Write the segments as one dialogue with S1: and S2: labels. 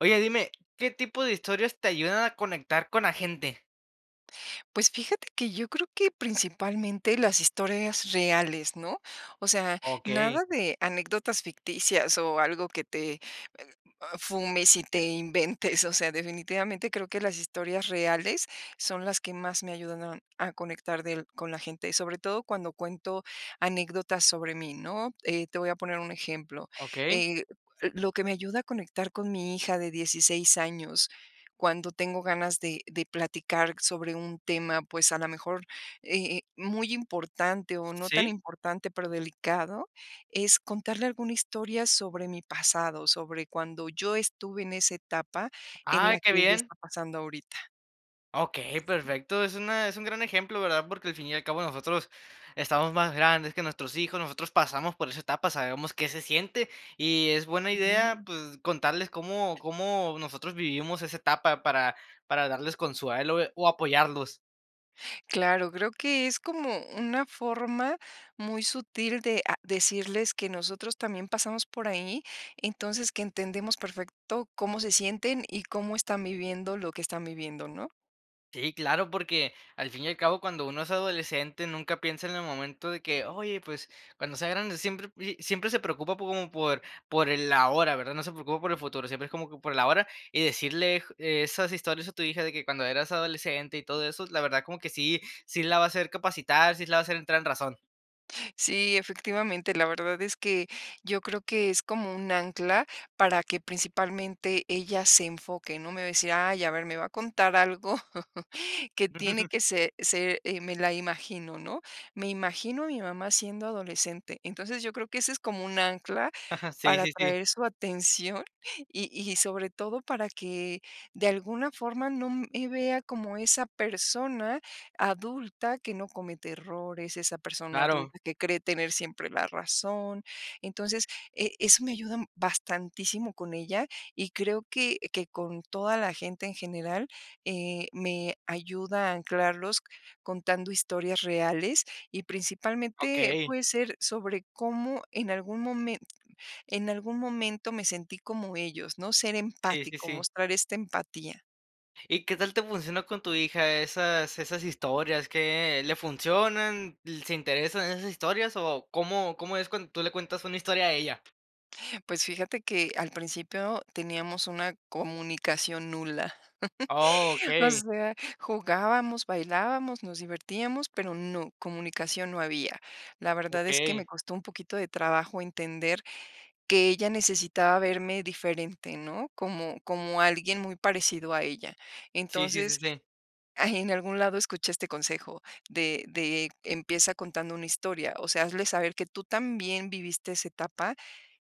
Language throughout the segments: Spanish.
S1: Oye, dime, ¿qué tipo de historias te ayudan a conectar con la gente?
S2: Pues, fíjate que yo creo que principalmente las historias reales, ¿no? O sea,
S1: Okey.
S2: nada de anécdotas ficticias o algo que te, eh, fumes y te inventes. O sea, definitivamente creo que las historias reales son las que más me ayudan a a conectar del con la gente, sobre todo cuando cuento anécdotas sobre mí, ¿no? Eh, te voy a poner un ejemplo.
S1: Okey.
S2: Eh, l lo que me ayuda a conectar con mi hija de 16 años, cuando tengo ganas de de platicar sobre un tema, pues, a la mejor, eh eh, muy importante, o no tan
S1: ¿Sí?
S2: importante, pero delicado, es contarle alguna historia sobre mi pasado, sobre cuando yo estuve en esa etapa en
S1: Ay,
S2: la que
S1: qué
S2: ella
S1: bien.
S2: está pasando ahorita.
S1: Okey, perfecto. Es una es un gran ejemplo, ¿verdad? Porque al fin y al cabo nosotros estamos más grandes que nuestros hijos, nosotros pasamos por esa etapa, sabemos qué se siente. Y es buena idea, pues, contarles cómo cómo nosotros vivimos esa etapa para para darles consuelo, eh, o apoyarlos.
S2: Claro, creo que es como una forma muy sutil de a decirles que nosotros también pasamos por ahí, entonces, que entendemos perfecto cómo se sienten y cómo están viviendo lo que están viviendo, ¿no?
S1: Sí, claro, porque, al fin y al cabo, cuando uno es adolescente, nunca piensa en el momento de que: "Oye, pues, cuando sea grande". Siempre pri siempre se preocupa como por por el ahora, ¿verdad? No se preocupa por el futuro, siempre es como que por el ahora. Y decirle esas historias a tu hija de que cuando eras adolescente y todo eso, la verdad como que sí sí la va a hacer capacitar, sí la va a hacer entrar en razón.
S2: Sí, efectivamente. La verdad es que yo creo que es como un ancla para que principalmente ella se enfoque, ¿no? Me va a decir: "Ay, a ver, me va a contar algo que tiene que se ser, eh, me la imagino, ¿no?, me imagino a mi mamá siendo adolescente". Entonces, yo creo que ese es como un ancla
S1: Ajá. Sí,
S2: para
S1: sí, sí.
S2: atraer su atención y y sobre todo para que de alguna forma no me vea como esa persona adulta que no comete errores, esa persona
S1: Claro.
S2: adulta que cree tener siempre la razón. Entonces, eh, eso me ayuda bastantísimo con ella, y creo que que con toda la gente en general, eh, me ayuda a anclarlos contando historias reales y, principalmente,
S1: Okey.
S2: puede ser sobre cómo en algún momen en algún momento me sentí como ellos, ¿no? Ser
S1: Sí, sí,
S2: empático.
S1: sí.
S2: Mostrar esta empatía.
S1: ¿Y qué tal te funciona con tu hija esas-esas historias? ¿Qué le funcionan? ¿L se interesa en esas historias, o, cómo cómo es cuando tú le cuentas una historia a ella?
S2: Pues fíjate que al principio teníamos una comunicación nula.
S1: Oh,
S2: O
S1: okey.
S2: sea, jugábamos, bailábamos, nos divertíamos, pero no, comunicación no había. La verdad es que
S1: Okey.
S2: me costó un poquito de trabajo entender que ella necesitaba verme diferente, ¿no? Como como alguien muy parecido a ella.
S1: Sí, sí, sí,
S2: Entonces,
S1: sí.
S2: en algún lado escuché este consejo de de empieza contando una historia. O sea, hazle saber que tú también viviste esa etapa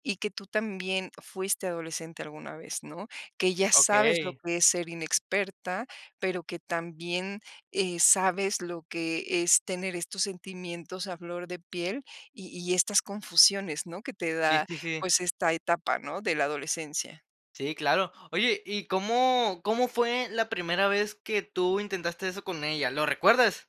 S2: y que tú también fuiste adolescente alguna vez, ¿no? Que ya sabes lo
S1: Okey.
S2: que es ser inexperta, pero que también, eh, sabes lo que es tener estos sentimientos a flor de piel y y estas confusiones, ¿no? Que te
S1: Sí,
S2: da,
S1: sí, sí.
S2: pues, esta etapa, ¿no? De la adolescencia.
S1: Sí, claro. Oye, ¿y cómo cómo fue la primera vez, que tú intentaste eso con ella? ¿Lo recuerdas?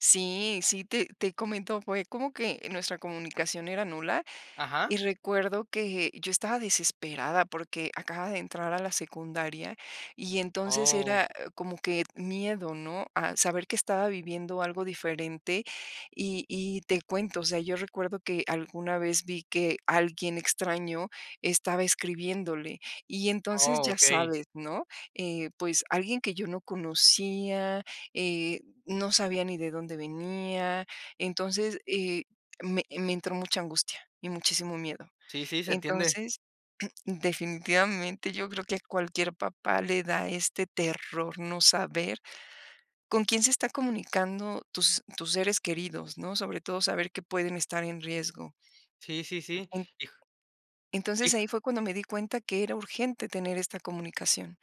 S2: Sí, sí, te te comento. Fue como que nuestra comunicación era nula,
S1: Ajá.
S2: y recuerdo que yo estaba desesperada, porque acababa de entrar a la secundaria, y entonces
S1: Oh.
S2: era, ah, como que miedo, ¿no?, a saber que estaba viviendo algo diferente. Y y te cuento, o sea, yo recuerdo que alguna vez vi que alguien extraño estaba escribiéndole. Y entonces,
S1: Oh,
S2: ya
S1: okey.
S2: sabes, ¿no? Eh, pues, alguien que yo no conocía, eh, no sabía ni de dónde venía. Entonces, eh, me me entró mucha angustia y muchísimo miedo.
S1: Sí, sí, se entiende.
S2: Entonces, definitivamente yo creo que a cualquier papá le da este terror no saber con quién se está comunicando tus tus seres queridos, ¿no? Sobre todo saber que pueden estar en riesgo.
S1: Sí, sí, sí.
S2: En
S1: Hijo
S2: Entonces,
S1: hijol
S2: ahí fue cuando me di cuenta que era urgente tener esta comunicación.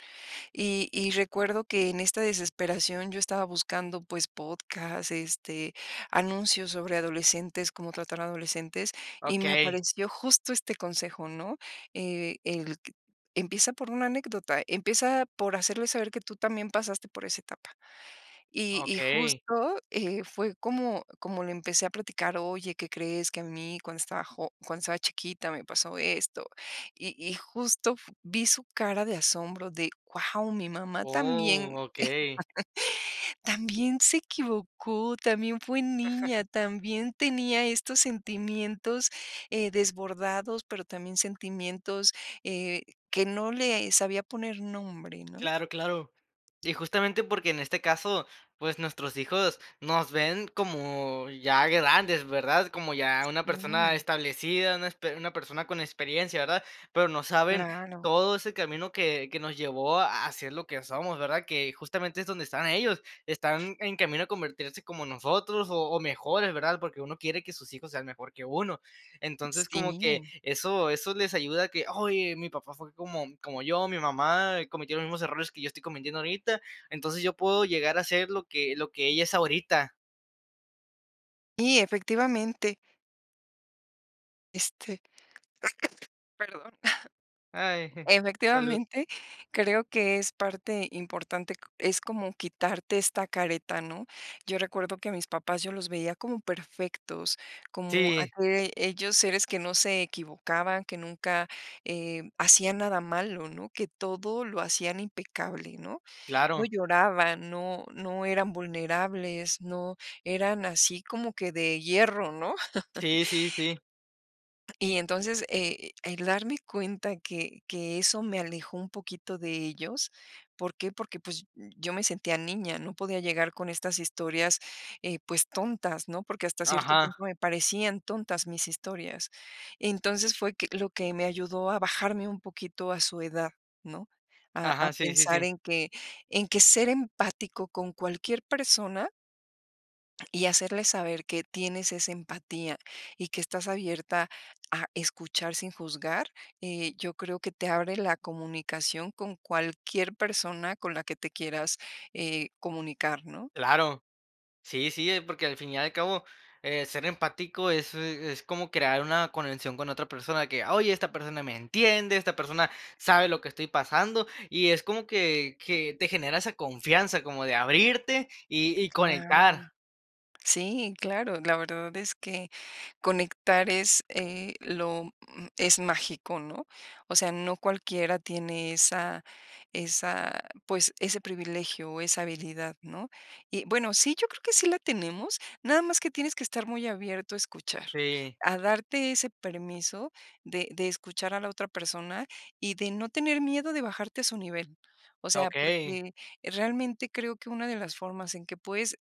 S2: Y y recuerdo que en esta desesperación yo estaba buscando, pues, podcast, este, anuncios sobre adolescentes, cómo tratar adolescentes y me
S1: Okey.
S2: apareció justo este consejo, ¿no? Eh, el q empieza por una anécdota. Empieza por hacerle saber que tú también pasaste por esa etapa. Y y
S1: Okey.
S2: justo, eh, fue como como le empecé a platicar: "Oye, ¿qué crees?, que a mí cuando estaba jo cuando estaba chiquita me pasó esto". Y y justo f vi su cara de asombro de: "Guau, mi mamá también
S1: ¡Oh! Okey.
S2: también se equivocó, también fue niña, también tenía estos sentimientos, eh, desbordados, pero también sentimientos, eh, que no le sabía poner nombre", ¿no?
S1: Claro, claro. Y justamente porque en este caso, pues, nuestros hijos nos ven como ya grandes, ¿verdad? Como ya una persona
S2: Mm.
S1: establecida, una esper una persona con experiencia, ¿verdad? Pero no saben
S2: Claro.
S1: todo ese camino que que nos llevó a a ser lo que somos, ¿verdad? Que justamente es donde están ellos. Están en camino a convertirse como en nosotros, o o mejores, ¿verdad? Porque uno quiere que sus hijos sean mejor que uno. Entonces, como que
S2: Sí.
S1: eso eso les ayuda a que: "Oye, mi papá fue como como yo, mi mamá cometió los mismos errores que yo estoy cometiendo ahorita, entonces, yo puedo llegar a ser lo que lo que ella es ahorita".
S2: Y efectivamente. Este, perdón.
S1: Ay, eh, salud.
S2: Efectivamente, creo que es parte importante es como quitarte esta careta, ¿no? Yo recuerdo que a mis papás yo los veía como perfectos, como
S1: Sí.
S2: aquellos seres que no se equivocaban, que nunca, eh, hacían nada malo, ¿no? Que todo lo hacían impecable, ¿no? No
S1: Claro.
S2: lloraban, no no eran vulnerables, no, eran así como que de hierro, ¿no?
S1: Sí, sí, sí.
S2: Y entonces, eh, el darme cuenta que que eso me alejó un poquito de ellos, ¿por qué? Porque, pues, yo me sentía niña, no podía llegar con estas historias, eh, pues, tontas, ¿no? Porque hasta cierto punto
S1: Ajá.
S2: me parecían tontas mis historias. Entonces, fue que lo que me ayudó a bajarme un poquito a su edad, ¿no? A a
S1: Ajá, sí, sí,
S2: pensar
S1: sí.
S2: en que en que ser empático con cualquier persona y hacerle saber que tienes esa empatía, y que estás abierta a escuchar sin juzgar, eh, yo creo que te abre la comunicación con cualquier persona con la que te quieras, eh, comunicar, ¿no?
S1: Claro, sí, sí, porque al fin y al cabo, eh, ser empático es es como crear una conexión con otra persona que, oye, esta persona me entiende, esta persona sabe lo que estoy pasando, y es como que que te genera esa confianza como de abrirte, y y
S2: Claro.
S1: conectar.
S2: Sí, claro, la verdad es que conectar, es, eh, lo es m mágico, ¿no? O sea, no cualquiera tiene esa esa pues, ese privilegio, o esa habilidad, ¿no? Y bueno, sí, yo creo que sí la tenemos, nada más que tienes que estar muy abierto a escuchar,
S1: Sí.
S2: a darte ese permiso de de escuchar a la otra persona, y de no tener miedo de bajarte a su nivel. O sea,
S1: Okey.
S2: porque realmente creo que una de las formas en que puedes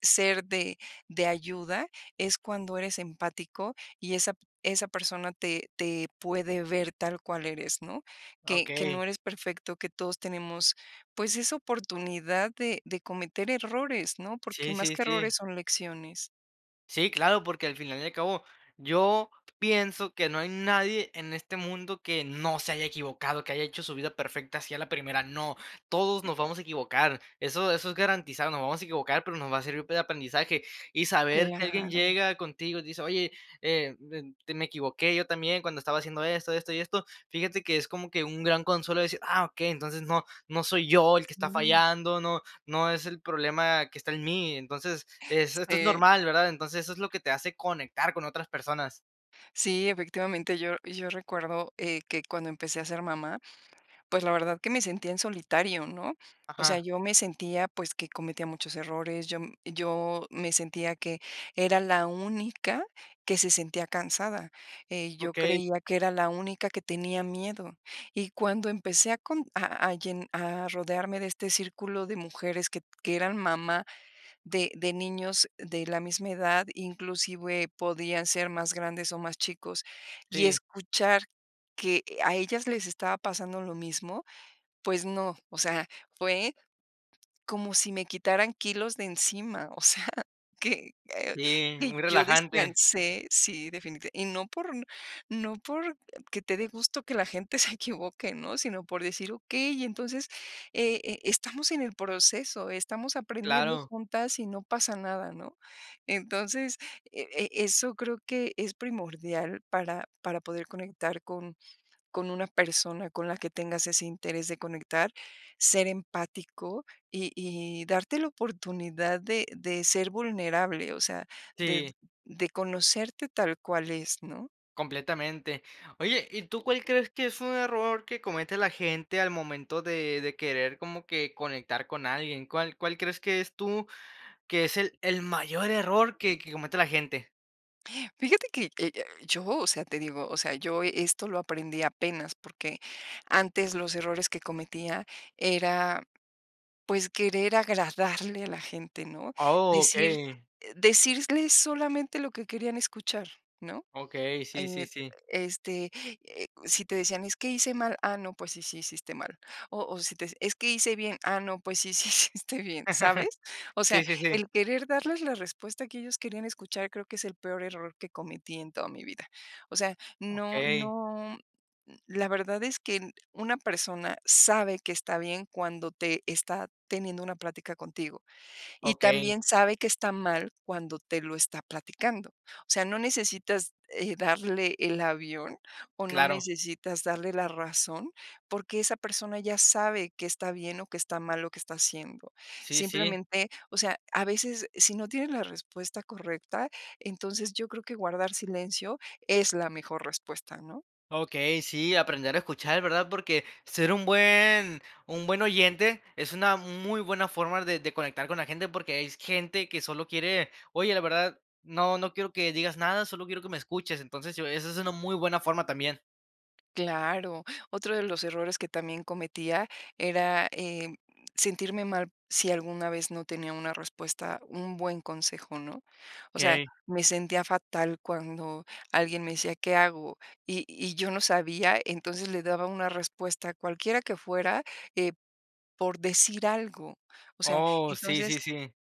S2: ser de de ayuda es cuando eres empático, y esa p esa persona te te puede ver tal cual eres, ¿no? Que que no
S1: Okey.
S2: eres perfecto, que todos tenemos, pues, esa oportunidad de de cometer errores, ¿no? Porque
S1: Sí,
S2: más
S1: sí,
S2: que
S1: sí.
S2: errores son lecciones.
S1: Sí, claro, porque al final y al cabo, yo pienso que no hay nadie en este mundo que no se haya equivocado, que haya hecho su vida perfecta así a la primera, no. Todos nos vamos a equivocar. Eso eso es garantizar, nos vamos a equivocar, pero nos va a servir de aprendizaje. Y saber que alguien
S2: Claro.
S1: llega contigo, y te dice: "Oye, eh, em, be me equivoqué yo también cuando estaba haciendo esto, esto y esto". Fíjate que es como que, un gran consuelo de decir: "Ah, ok. Entonces no, no soy yo el que está
S2: Ujú.
S1: fallando, no no es el problema que está en mí". Entonces, eh, esto es
S2: Sí.
S1: normal, ¿verdad? Entonces, eso es lo que te hace conectar con otras personas.
S2: Sí, efectivamente, yo yo recuerdo, eh, que cuando empecé a ser mamá, pues, la verdad que me sentía en solitario, ¿no? O sea,
S1: Ajá.
S2: yo me sentía, pues, que cometía muchos errores, yo m yo me sentía que era la única que se sentía cansada, eh, yo
S1: Okey.
S2: creía que era la única que tenía miedo. Y cuando empecé a cont a a llen a rodearme de este círculo de mujeres que t que eran mamá de de niños de la misma edad, inclusive, podían ser más grandes o más chicos. Y
S1: Sí.
S2: escuchar que a ellas les estaba pasando lo mismo, pues no, o sea, fue como si me quitaran kilos de encima, o sea, que, eh,
S1: Sí,
S2: que
S1: muy
S2: yo
S1: relajante.
S2: descansé. Sí, definiti y no por n no porque te dé gusto que la gente se equivoque, ¿no? Sino por decir okey, entonces, e e estamos en el proceso, estamos aprendiendo
S1: Claro.
S2: juntas y no pasa nada, ¿no? Entonces, e e eso creo que es primordial para para poder conectar con con una persona con la que tengas ese interés de conectar, ser empático, y y darte la oportunidad de de ser vulnerable, o sea, de
S1: Sí.
S2: de conocerte tal cual es, ¿no?
S1: Completamente. Oye, ¿y tú cuál crees que es un error que comete la gente al momento de de querer como que conectar con alguien? ¿Cuál cuál crees que es tú, que es el el mayor error que que comete la gente?
S2: Fíjate que, eh eh, yo, o sea, te digo, o sea, yo e esto lo aprendí apenas. Porque antes los errores que cometía era, pues, querer agradarle a la gente, ¿no?
S1: Oh,
S2: Decir
S1: okey.
S2: eh decirles solamente lo que querían escuchar, ¿no?
S1: Okey, sí, sí,
S2: En
S1: sí.
S2: este, eh, si te decían: "Es que hice mal, ah, no, pues sí, sí, sí hiciste mal", o o, si te "Es que hice bien, ah, no, pues sí, sí, sí hiciste bien", ¿sabes? O sea,
S1: Sí, sí, sí.
S2: el querer darles la respuesta que ellos querían escuchar creo que es el peor error que cometí en toda mi vida. O sea, no
S1: Okey.
S2: no, n la verdad es que n una persona sabe que está bien cuando te está teniendo una plática contigo, y
S1: Okey.
S2: también sabe que está mal cuando te lo está platicando, o sea, no necesitas, eh, darle el avión, o, no
S1: Claro.
S2: necesitas darle la razón. Porque esa persona ya sabe qué está bien o qué está mal lo que está haciendo,
S1: Sí, sí.
S2: simplemente, o sea, a veces, si no tienes la respuesta correcta, entonces, yo creo que guardar silencio es la mejor respuesta, ¿no?
S1: Okey, sí, aprender a escuchar, ¿verdad? Porque ser un buen un buen oyente es una muy buena forma der de conectar con la gente. Porque es y gente que solo quiere: "Oye, la verdad, no, no quiero que digas nada, solo quiero que me escuches", entonces, yo esa es una muy buena forma también.
S2: Claro, otro de los errores que también cometía era, eh, sentirme mal si alguna vez no tenía una respuesta un buen consejo, ¿no? O sea,
S1: Okey.
S2: me sentía fatal cuando alguien me decía: "¿Qué hago?". Y y yo no sabía, entonces, le daba una respuesta, cualquiera que fuera, eh, por decir algo. O sea,
S1: Oh, sí,
S2: entonces,
S1: sí, sí.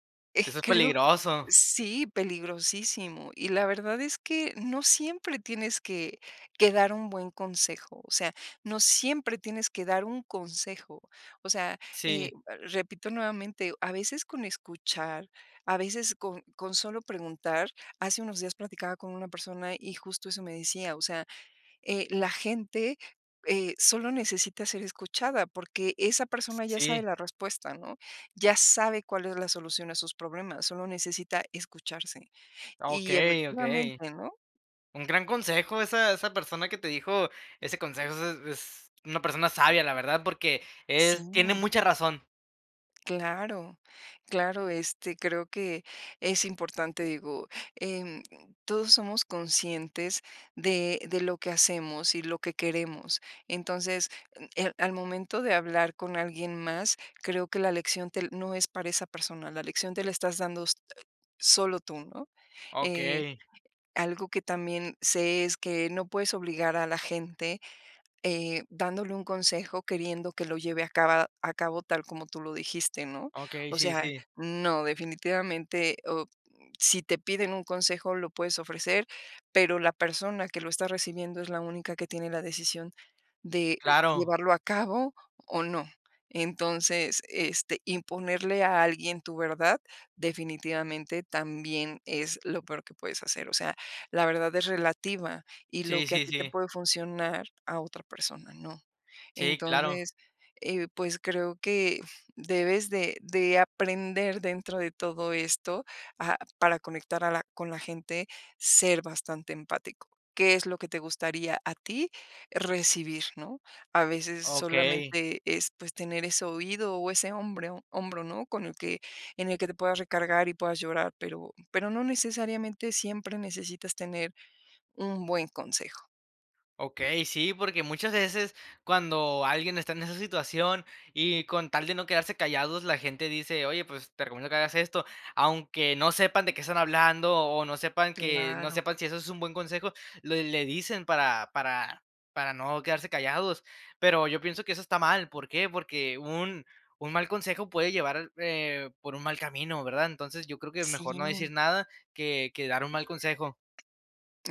S1: Eso es
S2: creo que
S1: peligroso.
S2: sí, peligrosísimo. Y la verdad es que no siempre tienes que que dar un buen consejo, o sea, no siempre tienes que dar un consejo. O sea, eh,
S1: Sí.
S2: repito nuevamente, a veces con escuchar, a veces con con solo preguntar. Hace unos días platicaba con una persona, y justo eso me decía: "O sea, eh, la gente, eh, solo necesita ser escuchada, porque esa persona ya sabe
S1: Sí.
S2: la respuesta, ¿no? Ya sabe cuál es la solución a sus problemas, solo necesita escucharse". Y
S1: Okey, okey.
S2: efectivamente, ¿no?
S1: Un gran consejo, esa esa persona que te dijo ese consejo, es es una persona sabia, la verdad. Porque, eh, tiene
S2: Sí.
S1: mucha razón.
S2: Claro, claro, este, creo que es importante, digo, em, todos somos conscientes de de lo que hacemos, y lo que queremos. Entonces, em, al momento de hablar con alguien más, creo que la lección, te no es para esa persona, la lección te la estás dando, eh, solo tú, ¿no? Eh,
S1: Okey.
S2: algo que también sé, es que no puedes obligar a la gente, eh, dándole un consejo, queriendo que lo lleve a caba a cabo tal como tú lo dijiste, ¿no?
S1: Okey,
S2: O
S1: sí,
S2: sea,
S1: sí.
S2: no, definitivamente, o, mm, si te piden un consejo, lo puedes ofrecer, pero la persona que lo está recibiendo es la única que tiene la decisión de
S1: Claro.
S2: llevarlo a cabo, o no. Entonces, este, imponerle a alguien tu verdad, definitivamente también es lo peor que puedes hacer. O sea, la verdad es relativa, y lo
S1: Sí,
S2: que a
S1: sí,
S2: ti te
S1: sí.
S2: puede funcionar, a otra persona no.
S1: Sí, claro.
S2: Entonces, eh, pues creo que debes de de aprender dentro de todo esto, ah, para conectar a la con la gente, ser bastante empático, ¿qué es lo que te gustaría a ti recibir?, ¿no? A veces
S1: Okey.
S2: solamente es, pues, tener ese oído o ese hombre hombro, ¿no? Con el que en el que te puedas recargar, y puedas llorar, pero pero no necesariamente siempre necesitas tener un buen consejo.
S1: Okey, sí, porque muchas veces cuando alguien está en esa situación, y con tal de no quedarse callados, la gente dice: "Oye, pues te recomiendo que hagas esto", aunque no sepan de qué están hablando, o, no sepan que no
S2: Claro.
S1: sepan si eso es un buen consejo, le le dicen para para para no quedarse callados. Pero yo pienso que eso está mal, ¿por qué? Porque un un mal consejo puede llevar l eh, por un mal camino, ¿verdad? Entonces, yo creo que
S2: Sí.
S1: mejor no decir nada que que dar un mal consejo.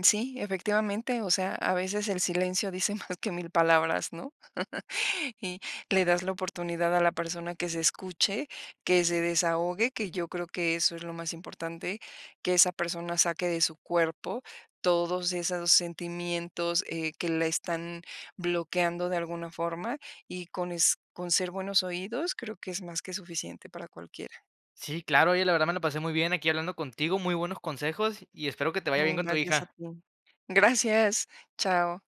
S2: Sí, efectivamente, o sea, a veces el silencio dice más que mil palabras, ¿no? Y le das la oportunidad a la persona que se escuche, que se desahogue, que yo creo que eso es lo más importante, que esa persona saque de su cuerpo todos esos sentimientos, eh, que la están bloqueando de alguna forma, y con es con ser buenos oídos, creo que es más que suficiente para cualquiera.
S1: Sí, claro, oye, la verdad me la pasé muy bien aquí hablando contigo, muy buenos consejos. Y espero que te vaya bien
S2: Mm,
S1: con tu
S2: gracias a
S1: hija.
S2: ti. Gracias. Chao.